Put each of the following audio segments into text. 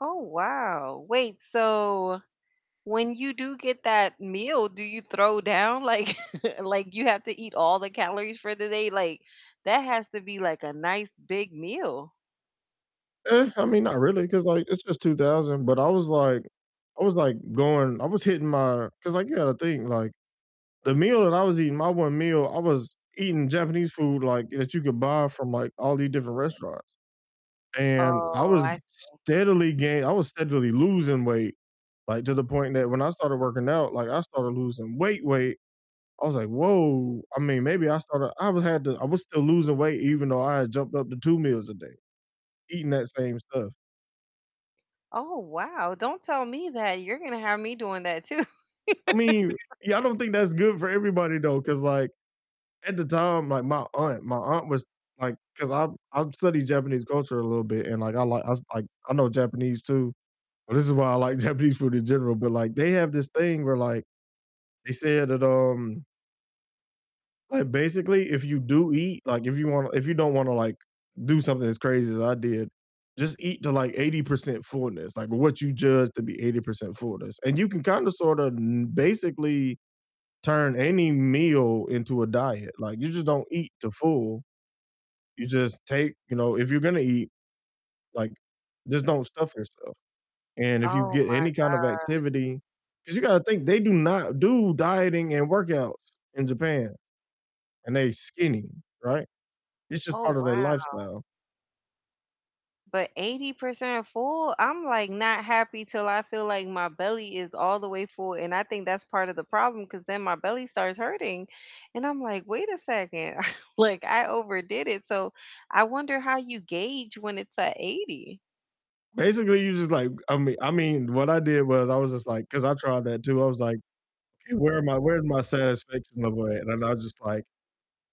Oh, wow, wait, so, when you do get that meal, do you throw down? Like like, you have to eat all the calories for the day? Like, that has to be, like, a nice big meal. Eh, I mean, not really 'cause like, it's just 2000, but, I was like I was like, going I was hitting my 'cause, like, you gotta think. like, the meal that I was eating my 1 meal, I was eating Japanese food, like, that you could buy from, like, all these different restaurants, and, I Oh, was I st see. steadily gain I was steadily losing weight, like, to the point that when I started working out, like, I started losing weight, weight. I was like, "Whoa," I mean, maybe I started I was had to I was still losing weight even though I had jumped up to 2 meals a day, eating that same stuff. Oh, wow, don't tell me that, you're gonna have me doing that too. I mean, yeah, I don't think that's good for everybody though, 'cause, like, at the time, like, my aunt my aunt was, like 'cause I I studied Japanese culture a little bit, and like I li I like I know Japanese too, but this is why I like Japanese food in general, but, like, they have this thing where, like, they said that, um like, basically if you do eat, like, if you wanna if you don't wanna, like, do something as crazy as I did, just eat to, like, 80% fullness, like, what you judge to be 80% fullness, and you can kinda sorta kno basically turn any meal into a diet, like, you just don't eat to full. You just take you know, if you're gonna eat, like, just don't stuff yourself, and if you Oh, get my any kind of gosh. activity 'Cause you gotta think, they do not do dieting and workouts in Japan, and they skinny, right? It's just Oh, part of their wow. lifestyle. But 80% full? I'm, like, not happy till I feel like my belly is all the way full, and I think that's part of the problem 'cause then my belly starts hurting, and I'm like, "Wait a second." Like, I overdid it, so, I wonder how you gauge when it's at 80? Basically, you just like, uh, I mean I mean, what I did was I was just like 'cause I tried that too, I was like, "Okay, where am I, where's my satisfaction level at?" and I just like,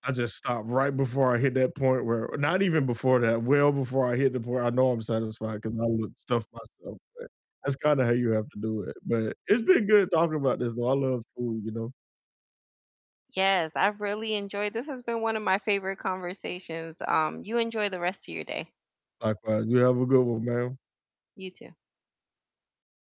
I just stop right before I hit that point where not even before that, well before I hit the point I know I'm satisfied 'cause I will stuff myself, but that's kinda how you have to do it. But it's been good talking about this though. I love food, you know. Yes, I really enjoyed This has been one of my favorite conversations, um, you enjoy the rest of your day. Likewise, you have a good one, ma'am. You too.